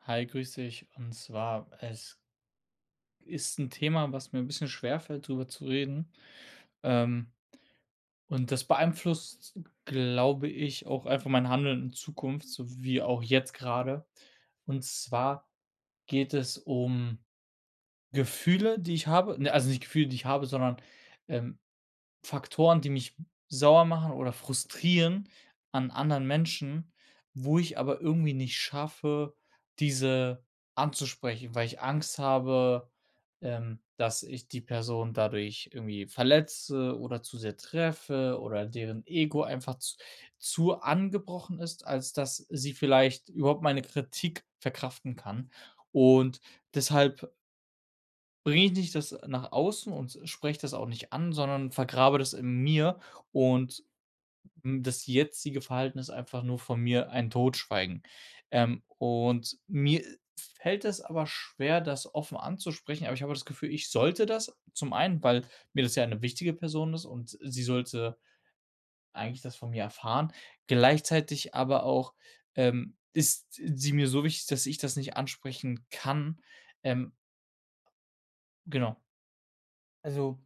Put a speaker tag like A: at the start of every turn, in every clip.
A: Hi, grüße dich. Und zwar, es ist 'n Thema, was mir 'n bisschen schwerfällt, drüber zu reden, ähm, und das beeinflusst, glaube ich, auch einfach mein Handeln in Zukunft, so wie auch jetzt grade. Und zwar geht es um Gefühle, die ich habe ne, also nicht Gefühle, die ich habe, sondern, ähm, Faktoren, die mich sauer machen oder frustrieren an anderen Menschen, wo ich aber irgendwie nicht schaffe, diese anzusprechen, weil ich Angst habe, ähm, dass ich die Person dadurch irgendwie verletze oder zu sehr treffe oder deren Ego einfach z zu angebrochen ist, als dass sie vielleicht überhaupt meine Kritik verkraften kann. Und deshalb bringe ich nicht das nach außen und spreche das auch nicht an, sondern vergrabe das in mir. Und, hm, das jetzige Verhalten ist einfach nur von mir ein Totschweigen, ähm, und mir fällt es aber schwer, das offen anzusprechen. Aber ich habe auch das Gefühl, ich sollte das, zum einen, weil mir das ja 'ne wichtige Person ist, und sie sollte eigentlich das von mir erfahren, gleichzeitig aber auch, ähm, ist sie mir so wichtig, dass ich das nicht ansprechen kann, ähm genau.
B: Also,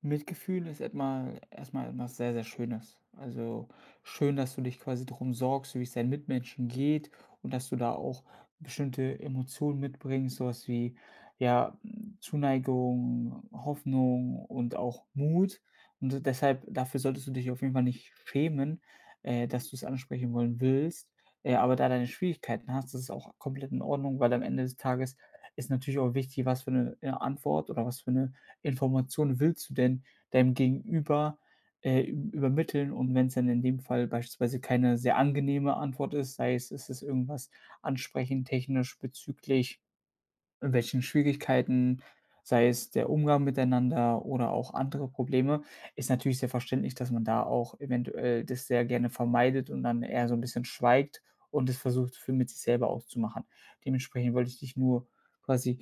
B: Mitgefühl ist etmal erstmal etwas sehr, sehr Schönes, also, schön, dass du dich quasi drum sorgst, wie es deinen Mitmenschen geht, und dass du da auch bestimmte Emotionen mitbringst, sowas wie, ja, hm, Zuneigung, Hoffnung und auch Mut und d deshalb dafür solltest du dich auf jeden Fall nicht schämen, äh, dass du es ansprechen wollen willst. Äh, aber da deine Schwierigkeiten hast, das ist auch komplett in Ordnung, weil am Ende des Tages ist natürlich auch wichtig, was für 'ne, äh, Antwort oder was für 'ne Information willst du denn deinem Gegenüber, äh, üb übermitteln? Und wenn es dann in dem Fall beispielsweise keine sehr angenehme Antwort ist, sei es, es ist irgendwas ansprechend technisch bezüglich welchen Schwierigkeiten, sei es der Umgang miteinander oder auch andere Probleme, ist natürlich sehr verständlich, dass man da auch eventuell das sehr gerne vermeidet und dann eher so 'n bisschen schweigt und das versucht für mit sich selber auszumachen. Dementsprechend wollte ich dich nur quasi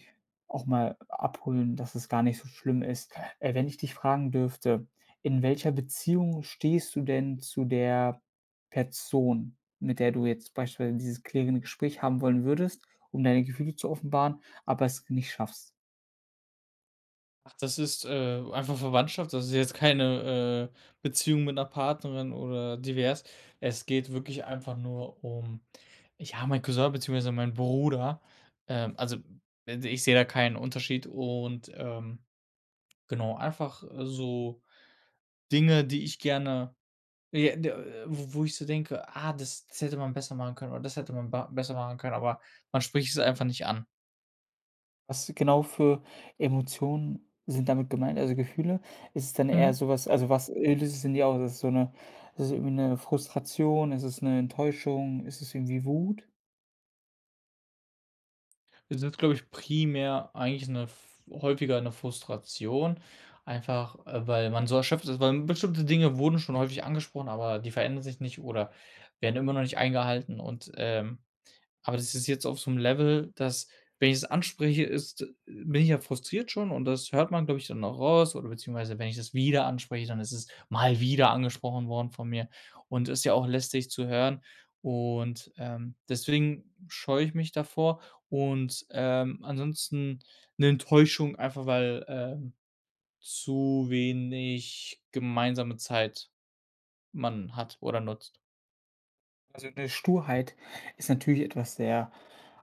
B: auch mal abholen, dass es gar nicht so schlimm ist. Äh, wenn ich dich fragen dürfte: „In welcher Beziehung stehst du denn zu der Person, mit der du jetzt beispielsweise dieses klärende Gespräch haben wollen würdest, um deine Gefühle zu offenbaren, aber es nicht schaffst?”
A: Ach, das ist, äh, einfach Verwandtschaft, das ist jetzt keine, äh, Beziehung mit 'ner Partnerin oder divers. Es geht wirklich einfach nur um, ja mein Cousin beziehungsweise mein Bruder, ähm, also, hm, i d ich sehe ja keinen Unterschied und, ähm, genau, einfach, äh, so Dinge, die ich gerne, j d äh, w wo ich so denke: „Ah, das, das hätte man besser machen können, oder das hätte man ba besser machen können“, aber man spricht es einfach nicht an.
B: Was genau für Emotionen sind damit gemeint, also, Gefühle? Ist es dann eher
A: Mhm.
B: sowas also, was, äh, [unintelligible] das ist so 'ne das ist irgendwie 'ne Frustration, ist es 'ne Enttäuschung, ist es irgendwie Wut?
A: Das ist, glaube ich primär eigentlich 'ne f häufiger 'ne Frustration. Einfach, äh, weil man so erschöpft ist, weil bestimmte Dinge wurden schon häufig angesprochen, aber die verändern sich nicht oder werden immer noch nicht eingehalten und, ähm aber das ist jetzt auf so 'nem Level, dass, wenn ich das anspreche, ist äh, bin ich ja frustriert schon und das hört man, glaube ich dann auch raus, oder beziehungsweise wenn ich das wieder anspreche, dann ist es mal wieder angesprochen worden von mir und ist ja auch lästig zu hören. Und, ähm, deswegen scheue ich mich davor und, ähm, ansonsten 'ne Enttäuschung einfach, weil, ähm, zu wenig gemeinsame Zeit man hat oder nutzt.
B: Also, 'ne Sturheit ist natürlich etwas sehr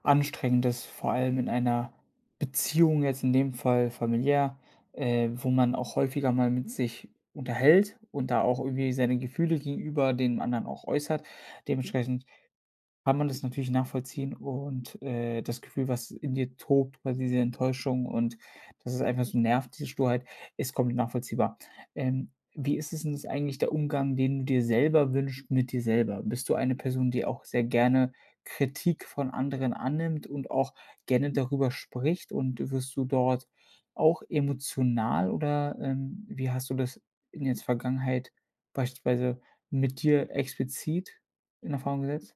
B: anstrengendes, vor allem in einer Beziehung jetzt in dem Fall familiär, äh, wo man auch häufiger mal mit sich unterhält und da auch irgendwie seine Gefühle gegenüber den anderen auch äußert. Dementsprechend kann man das natürlich nachvollziehen und, äh, das Gefühl, was in dir tobt, war diese Enttäuschung und, dass ist einfach so nervt diese Sturheit, ist komplett nachvollziehbar. Ähm, wie ist es denn ist eigentlich der Umgang, den du dir selber wünscht mit dir selber? Bist du eine Person, die auch sehr gerne Kritik von anderen annimmt und auch gerne darüber spricht und wirst du dort auch emotional, oder, ähm, wie hast du das in jetzt Vergangenheit beispielsweise mit dir explizit in Erfahrung gesetzt?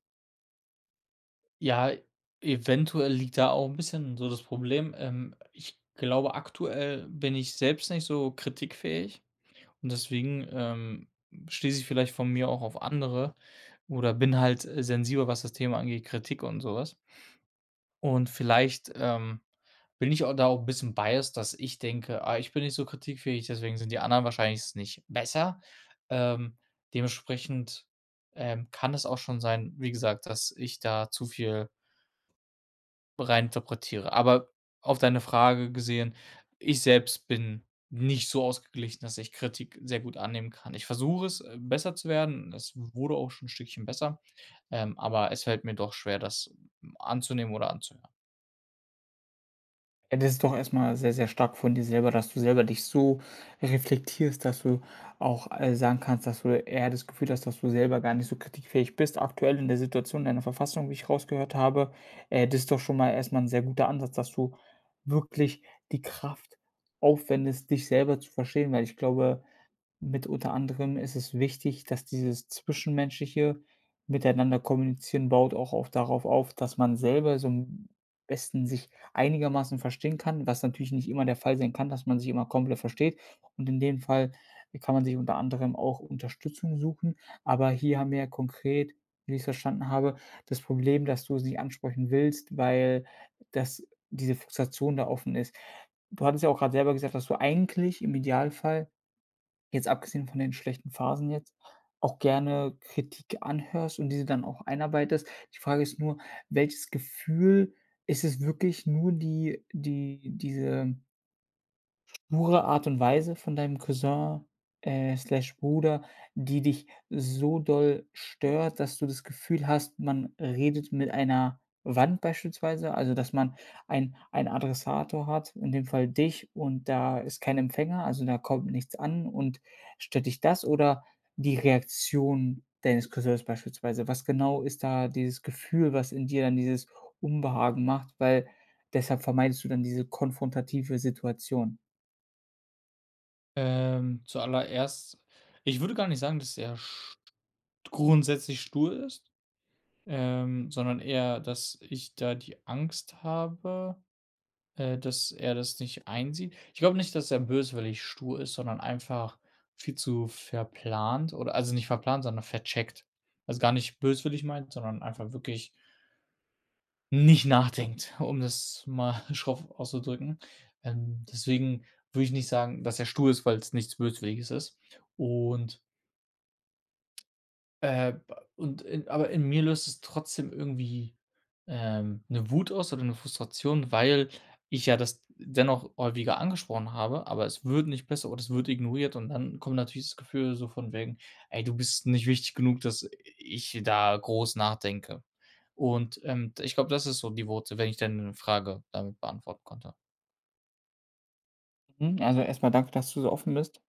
A: Ja, eventuell liegt da auch 'n bisschen so das Problem, ähm, ich glaube, aktuell bin ich selbst nicht so kritikfähig und deswegen, ähm, schließe ich vielleicht von mir auch auf andere oder bin halt, äh, sensibel, was das Thema angeht, Kritik und sowas. Und vielleicht, ähm, bin ich auch da auch 'n bisschen biased, dass ich denke: „Ah, ich bin nicht so kritikfähig, deswegen sind die anderen wahrscheinlich s nicht besser“, ähm, dementsprechend, ähm, kann es auch schon sein, wie gesagt, dass ich da zu viel rein interpretiere. Aber auf deine Frage gesehen, ich selbst bin nicht so ausgeglichen, dass ich Kritik sehr gut annehmen kann. Ich versuche es besser zu werden und es wurde auch schon 'n Stückchen besser, ähm, aber es fällt mir doch schwer, das m anzunehmen oder anzuhören.
B: Ja, das ist doch erstmal sehr, sehr stark von dir selber, dass du selber dich so reflektierst, dass du auch, äh, sagen kannst, dass du eher das Gefühl hast, dass du selber gar nicht so kritikfähig bist, aktuell in der Situation in der Verfassung, wie ich rausgehört habe. Äh, das ist doch schon mal erstmal 'n sehr guter Ansatz, dass du wirklich die Kraft aufwendest, dich selber zu verstehen, weil ich glaube, mit unter anderem ist es wichtig, dass dieses zwischenmenschliche miteinander kommunizieren, baut auch oft darauf auf, dass man selber so am besten sich einigermaßen verstehen kann, was natürlich nicht immer der Fall sein kann, dass man sich immer komplett versteht und in dem Fall kann man sich unter anderem auch Unterstützung suchen. Aber hier haben wir ja konkret, wie ich's verstanden habe, das Problem, dass du sie ansprechen willst, weil das diese Frustration da offen ist. Du hattest ja auch gerade selber gesagt, dass du eigentlich im Idealfall, jetzt abgesehen von den schlechten Phasen jetzt, auch gerne Kritik anhörst und diese dann auch einarbeitest. Die Frage ist nur, welches Gefühl ist es wirklich nur die die diese pure Art und Weise von deinem Cousin, äh, slash Bruder, die dich so doll stört, dass du das Gefühl hast, man redet mit einer Wand beispielsweise, also dass man ein ein Adressator hat, in dem Fall dich und da ist kein Empfänger, also da kommt nichts an und stört dich das oder die Reaktion deines Cousins beispielsweise? Was genau ist da dieses Gefühl, was in dir dann dieses Unbehagen macht, weil deshalb vermeidest du dann diese konfrontative Situation?
A: Ähm, zuallererst, ich würde gar nicht sagen, dass er st grundsätzlich stur ist, ähm, sondern eher, dass ich da die Angst habe, äh, dass er das nicht einsieht. Ich glaube nicht, dass er böswillig stur ist, sondern einfach viel zu verplant, oder also, nicht verplant, sondern vercheckt. Also, gar nicht böswillig meint, sondern einfach wirklich nicht nachdenkt, um das mal schroff auszudrücken, ähm, deswegen würde ich nicht sagen, dass er stur ist, weil's nichts Böswilliges ist und äh, bei und in aber in mir löst es trotzdem irgendwie, ähm, 'ne Wut aus oder 'ne Frustration, weil ich ja das d dennoch häufiger angesprochen habe, aber es wird nicht besser, oder es wird ignoriert und dann kommt natürlich das Gefühl, so von wegen: „Ey, du bist nicht wichtig genug, dass ich da groß nachdenke.“ Und, ähm, d ich glaube, das ist so die Wurzel, wenn ich deine Frage damit beantworten konnte.
B: Mhm, also, erstmal danke, dass du so offen bist.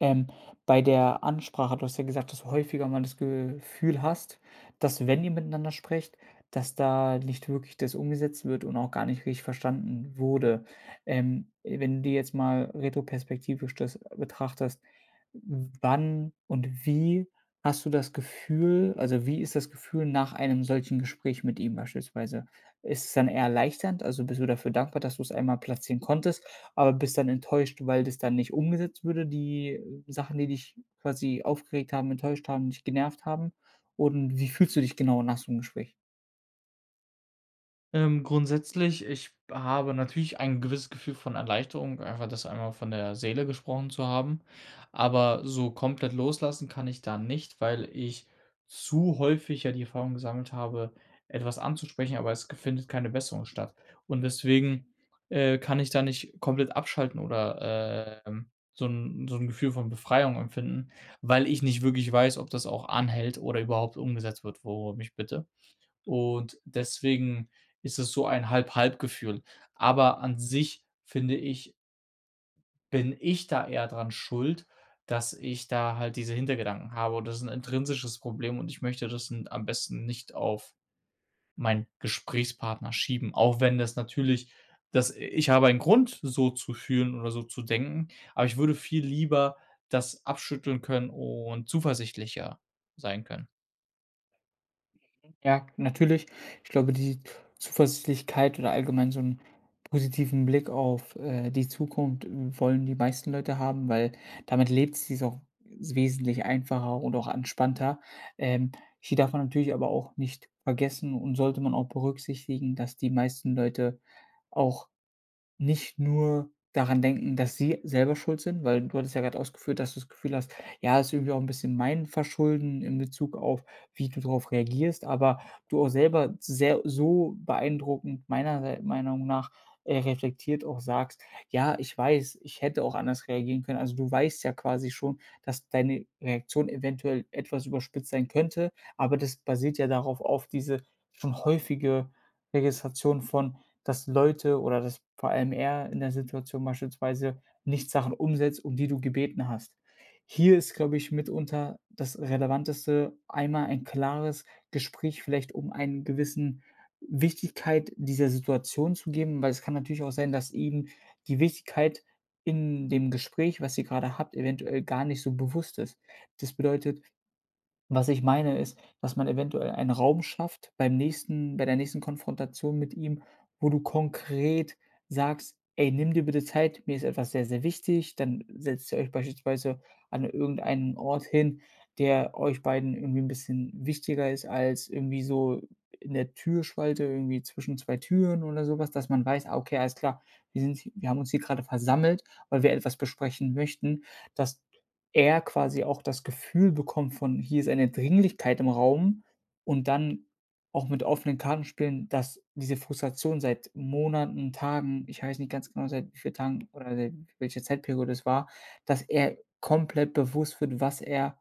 B: Ähm, bei der Ansprache du hast ja gesagt, dass du häufiger mal das Gefühl hast, dass wenn ihr miteinander sprecht, dass da nicht wirklich das umgesetzt wird und auch gar nicht richtig verstanden wurde. Ähm, wenn die jetzt mal retroperspektivisch das betrachtest, wann und wie hast du das Gefühl also, wie ist das Gefühl nach einem solchen Gespräch mit ihm beispielsweise? Ist es dann eher erleichternd also, bist du dafür dankbar, dass du es einmal platzieren konntest, aber bist dann enttäuscht, weil das dann nicht umgesetzt würde, die, äh, Sachen, die dich quasi aufgeregt haben, enttäuscht haben, dich genervt haben? Und wie fühlst du dich genau nach so 'nem Gespräch?
A: Ähm, grundsätzlich, ich habe natürlich ein gewisses Gefühl von Erleichterung, einfach das einmal von der Seele gesprochen zu haben. Aber so komplett loslassen kann ich da nicht, weil ich zu häufig ja die Erfahrung gesammelt habe, etwas anzusprechen, aber es ge findet keine Besserung statt. Und deswegen, äh, kann ich da nicht komplett abschalten oder, ähm, so 'n so 'n Gefühl von Befreiung empfinden, weil ich nicht wirklich weiß, ob das auch anhält oder überhaupt umgesetzt wird, worum ich bitte. Und deswegen ist es so ein halb halb Gefühl, aber an sich finde ich bin ich da eher dran schuld, dass ich da halt diese Hintergedanken habe und das ist 'n intrinsisches Problem und ich möchte das n am besten nicht auf meinen Gesprächspartner schieben, auch wenn das natürlich das i ich habe einen Grund, so zu fühlen oder so zu denken, aber ich würde viel lieber das abschütteln können und zuversichtlicher sein können.
B: Mhm. Ja, natürlich. Ich glaube, die Zuversichtlichkeit oder allgemein so 'n positiven Blick auf, äh, die Zukunft, w wollen die meisten Leute haben, weil damit lebt sich's auch wesentlich einfacher und auch entspannter. Ähm, hier darf man natürlich aber auch nicht vergessen und sollte man auch berücksichtigen, dass die meisten Leute auch nicht nur daran denken, dass sie selber schuld sind, weil du hattest ja gerade ausgeführt, dass du das Gefühl hast: „Ja, ist irgendwie auch 'n bisschen mein Verschulden“ in Bezug auf, wie du drauf reagierst, aber du auch selber sehr so beeindruckend meiner s meiner Meinung nach, äh, reflektiert auch sagst: „Ja, ich weiß, ich hätte auch anders reagieren können.“ Also, du weißt ja quasi schon, dass deine Reaktion eventuell etwas überspitzt sein könnte, aber das basiert ja darauf auf diese, schon häufige Registration von, dass Leute oder dass vor allem er in der Situation beispielsweise nicht Sachen umsetzt, um die du gebeten hast. Hier ist, glaube ich mitunter das Relevanteste, einmal ein klares Gespräch, vielleicht um einen gewissen Wichtigkeit dieser Situation zu geben, weil es kann natürlich auch sein, dass ihm die Wichtigkeit in dem Gespräch, was ihr grade habt, eventuell gar nicht so bewusst ist. Das bedeutet, was ich meine, ist, dass man eventuell einen Raum schafft beim nächsten bei der nächsten Konfrontation mit ihm, wo du konkret sagst: „Ey, nimm dir bitte Zeit, mir ist etwas sehr sehr wichtig.“ Dann setzt ihr euch beispielsweise an irgendeinen Ort hin, der euch beiden irgendwie 'n bisschen wichtiger ist als irgendwie so in der Türspalte irgendwie zwischen zwei Türen oder sowas, dass man weiß: „Ah, okay, alles klar, wir sind wir haben uns hier grade versammelt, weil wir etwas besprechen möchten“, dass er quasi auch das Gefühl bekommt von hier ist eine Dringlichkeit im Raum und dann auch mit offenen Karten spielen, dass diese Frustration seit Monaten, Tagen, ich weiß nicht ganz genau seit wie vielen Tagen oder seit welche Zeitperiode es war, dass er komplett bewusst wird, was er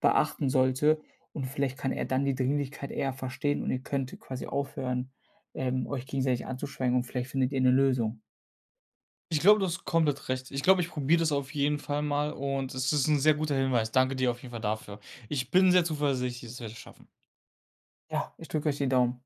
B: beachten sollte und vielleicht kann er dann die Dringlichkeit eher verstehen und ihr könnt quasi aufhören, ähm, euch gegenseitig anzuschweigen und vielleicht findet ihr 'ne Lösung.
A: Ich glaube, du hast komplett recht. Ich glaube, ich probiere das auf jeden Fall mal und es ist 'n sehr guter Hinweis. Danke dir auf jeden Fall dafür. Ich bin sehr zuversichtlich, dass wir das schaffen.
B: Ja, ich drücke euch die Daumen.